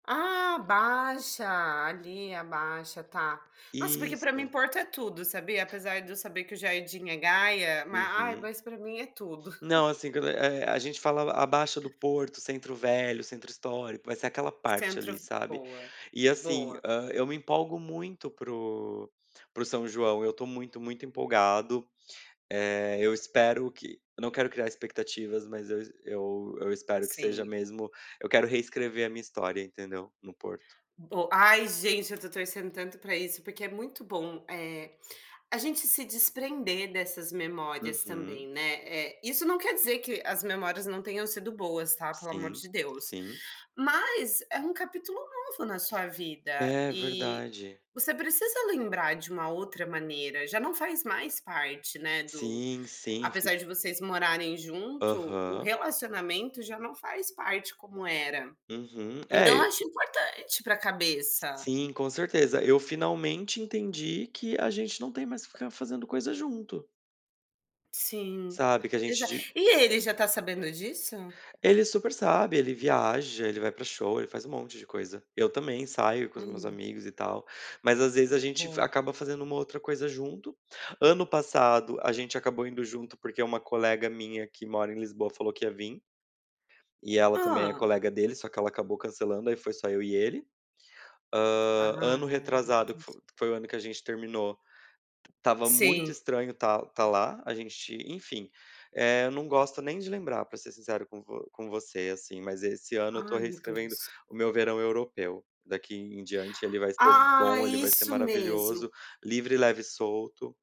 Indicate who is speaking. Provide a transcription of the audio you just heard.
Speaker 1: Ah, a Baixa, ali, a Baixa, tá. Nossa, porque para mim,
Speaker 2: Isto.
Speaker 1: Porto é tudo, sabia, apesar de eu saber que o jardim é Gaia, ma ai,
Speaker 2: Uhum.
Speaker 1: mas para mim é tudo.
Speaker 2: Não, assim, q eh, a gente falava a Baixa do Porto, centro velho, centro histórico, vai ser aquela parte,
Speaker 1: Centro
Speaker 2: ali,
Speaker 1: f
Speaker 2: sabe.
Speaker 1: boa,
Speaker 2: E assim,
Speaker 1: boa.
Speaker 2: hã, eu me empolgo muito para o para o São João, eu estou muito, muito empolgado. Eh, eu espero que eu não quero criar expectativas, mas eu es eu eu espero que seja
Speaker 1: Sim.
Speaker 2: mesmo eu quero reescrever a minha história entendeu, no Porto.
Speaker 1: Bo ai gente, eu estou torcendo tanto para isso, porque é muito bom, eh, a gente se desprender dessas memórias
Speaker 2: Uhum.
Speaker 1: também, né. Eh, isso não quer dizer que as memórias não tenham sido boas tá, pelo amor
Speaker 2: Sim,
Speaker 1: de Deus.
Speaker 2: sim.
Speaker 1: Mas é um capítulo novo na sua vida,
Speaker 2: É,
Speaker 1: e
Speaker 2: verdade.
Speaker 1: você precisa lembrar de uma outra maneira, já não faz mais parte, né, do
Speaker 2: Sim, sim, f
Speaker 1: apesar de vocês morarem junto, o
Speaker 2: Aham.
Speaker 1: relacionamento já não faz parte como era.
Speaker 2: Uhum, é
Speaker 1: Então eu
Speaker 2: e
Speaker 1: acho importante para cabeça.
Speaker 2: Sim, com certeza. Eu finalmente entendi que a gente não tem mais que ficar fazendo coisa junto.
Speaker 1: Sim,
Speaker 2: Sabe, que a gente
Speaker 1: exa
Speaker 2: de
Speaker 1: E ele, já está sabendo disso?
Speaker 2: Ele super sabe, ele viaja, ele vai para show, ele faz um monte de coisa. Eu também saio com os meus
Speaker 1: Hum.
Speaker 2: amigos, e tal. Mas às vezes a gente
Speaker 1: Boa.
Speaker 2: acaba fazendo uma ou outra coisa junto. Ano passado, a gente acabou indo junto, porque uma colega minha que mora em Lisboa falou que ia vim. E ela também é
Speaker 1: Hã.
Speaker 2: colega dele, só que ela acabou cancelando, aí foi só eu e ele.
Speaker 1: Ah,
Speaker 2: Hã, ano
Speaker 1: é.
Speaker 2: retrasado, que f
Speaker 1: [unintelligible]
Speaker 2: foi o ano que a gente terminou, estava muito
Speaker 1: Sim.
Speaker 2: estranho estar estar lá, a gente, enfim, eh, eu não gosto nem de lembrar, para ser sincero com vo com você, assim, mas esse ano eu estou
Speaker 1: Ai, meu
Speaker 2: reescrevendo
Speaker 1: Deus.
Speaker 2: o meu verão europeu. Daqui em diante ele vai ser
Speaker 1: Ah,
Speaker 2: bom, ele vai ser
Speaker 1: isso
Speaker 2: maravilhoso,
Speaker 1: mesmo.
Speaker 2: livre leve e solto.